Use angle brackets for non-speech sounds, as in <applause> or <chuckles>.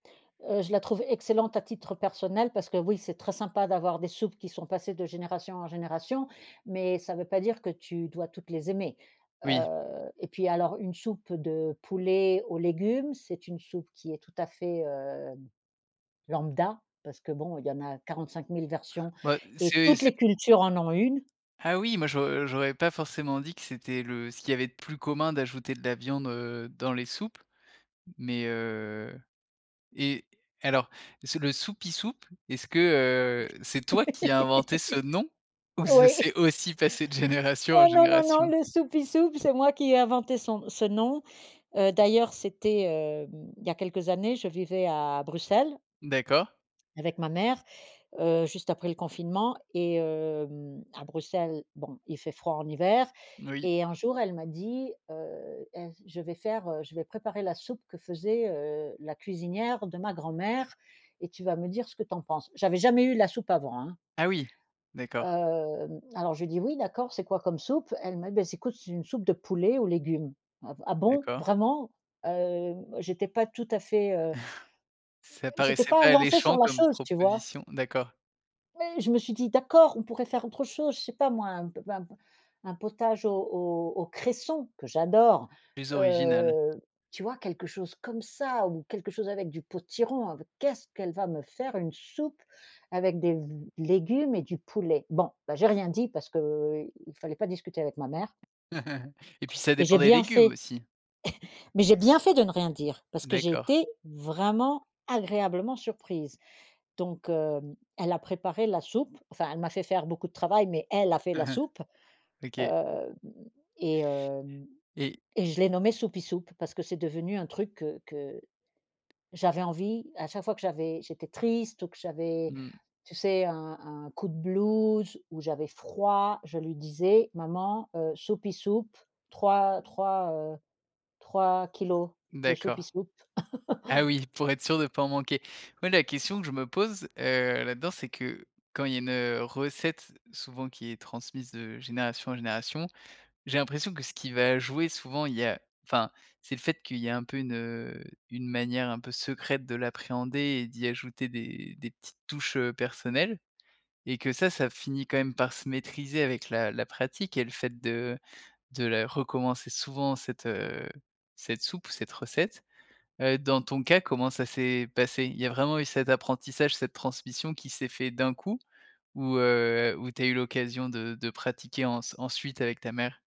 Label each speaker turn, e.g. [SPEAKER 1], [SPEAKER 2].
[SPEAKER 1] Heu, je la trouve excellente à titre personnel parce que oui, c'est très sympa d'avoir des soupes qui sont passées de génération en génération. Mais ça veut pas dire que tu dois toutes les aimer.
[SPEAKER 2] Oui.
[SPEAKER 1] Heu, et puis alors une soupe de poulet aux légumes, c'est une soupe qui est tout à fait, hem, lambda parce que bon, il y en a 45 000 versions
[SPEAKER 2] Bah,
[SPEAKER 1] et
[SPEAKER 2] c’est
[SPEAKER 1] toutes
[SPEAKER 2] c’est
[SPEAKER 1] les cultures en ont une.
[SPEAKER 2] Ah oui! Moi j’au j’aurais pas forcément dit que c'était le ce qu'il y avait de plus commun d'ajouter de la viande, heu, dans les soupes. Mais, heu et alors, c'est le soupie soupe, est-ce que, heu, c'est toi qui as inventé ce nom?
[SPEAKER 1] <laughs>
[SPEAKER 2] Ou ça
[SPEAKER 1] Oui!
[SPEAKER 2] s'est aussi passé de génération en
[SPEAKER 1] Oh non, non, non,
[SPEAKER 2] génération?
[SPEAKER 1] le soupie soupe c'est moi qui ai inventé son ce nom. Heu, d'ailleurs, c'était, hem, il y a quelques années, je vivais à Bruxelles
[SPEAKER 2] D'accord.
[SPEAKER 1] avec ma mère, heu, juste après le confinement. Et, hem, à Bruxelles, bon, il fait froid en hiver
[SPEAKER 2] Oui.
[SPEAKER 1] et un jour elle m'a dit heu: «Ains je vais faire, heu, je vais préparer la soupe que faisait, heu, la cuisinière de ma grand-mère et tu vas me dire ce que tu en penses». J'avais jamais eu la soupe avant, hein.
[SPEAKER 2] Ah oui! D'accord.
[SPEAKER 1] Hem, alors je lui dis: «Oui d'accord. C'est quoi comme soupe?», elle me: «Bah s écoute c'est une soupe de poulet aux légumes. "Ah v ah bon?
[SPEAKER 2] D'accord.
[SPEAKER 1] Vraiment?"». Hem, j'étais pas tout à fait, heu
[SPEAKER 2] <chuckles> Ça
[SPEAKER 1] j'étais
[SPEAKER 2] paraissait
[SPEAKER 1] pas
[SPEAKER 2] pas
[SPEAKER 1] lancée sur
[SPEAKER 2] alléchant
[SPEAKER 1] la
[SPEAKER 2] comme
[SPEAKER 1] chose, tu vois?
[SPEAKER 2] proposition? D'accord.
[SPEAKER 1] Oui, je me suis dit: «D'accord, on pourrait faire autre chose, je sais pas moi un p un p un potage au au au cresson- que j'adore-
[SPEAKER 2] Plus original.
[SPEAKER 1] heu, tu vois? Quelque chose comme ça ou quelque chose avec du potiron. Avec qu'est-ce qu'elle va me faire une soupe avec des v légumes et du poulet?» bon bah, j'ai rien dit parce qu’il fallait pas discuter avec ma mère
[SPEAKER 2] <chuckles> et puis ça
[SPEAKER 1] et
[SPEAKER 2] dépend
[SPEAKER 1] j'ai
[SPEAKER 2] des
[SPEAKER 1] bien
[SPEAKER 2] légumes
[SPEAKER 1] fait.
[SPEAKER 2] aussi.
[SPEAKER 1] <chuckles> Mais j'ai bien fait de ne rien dire parce que j'ai
[SPEAKER 2] D'accord.
[SPEAKER 1] été vraiment agréablement surprise. Donc hem, elle a préparé la soupe, enfin elle m'a fait faire beaucoup de travail, mais elle a fait la
[SPEAKER 2] Aha,
[SPEAKER 1] soupe.
[SPEAKER 2] OK.
[SPEAKER 1] Hem, et hem,
[SPEAKER 2] Et
[SPEAKER 1] et je l'ai nommée «soupie soupe» parce que c'est devenu un truc, heu, que j'avais envie à chaque fois que j'avais j'étais triste ou que j'avais,
[SPEAKER 2] Mmh.
[SPEAKER 1] tu sais un un coup de blues ou j'avais froid, je lui disais: «Maman, heu, soupie soupe 3, 3 heu, 3 kilogrammes de soupie
[SPEAKER 2] D'accord.
[SPEAKER 1] soupe».
[SPEAKER 2] Ah
[SPEAKER 1] <chuckles>
[SPEAKER 2] oui, pour être sûre de pas en manquer. Moi, la question que je me pose, heu, là-dedans, c'est que quand il y a une, heu, recette souvent qui est transmise de génération en génération, j'ai l'impression que ce qui va jouer souvent, il y a, enfin, c'est le fait qu'il y a un peu une, heu, une manière un peu secrète de l'appréhender et d'y ajouter des des petites touches, heu, personnelles. Et que ça, ça finit quand même par se maîtriser avec la la pratique et le fait de de la recommencer souvent cette, heu, cette soupe ou cette recette. Heu, dans ton cas, comment ça s'est passé? Il y a vraiment eu cet apprentissage, cette transmission qui s'est fait d'un coup ou, heu, ou tu as eu l'occasion de de pratiquer en ensuite avec ta mère?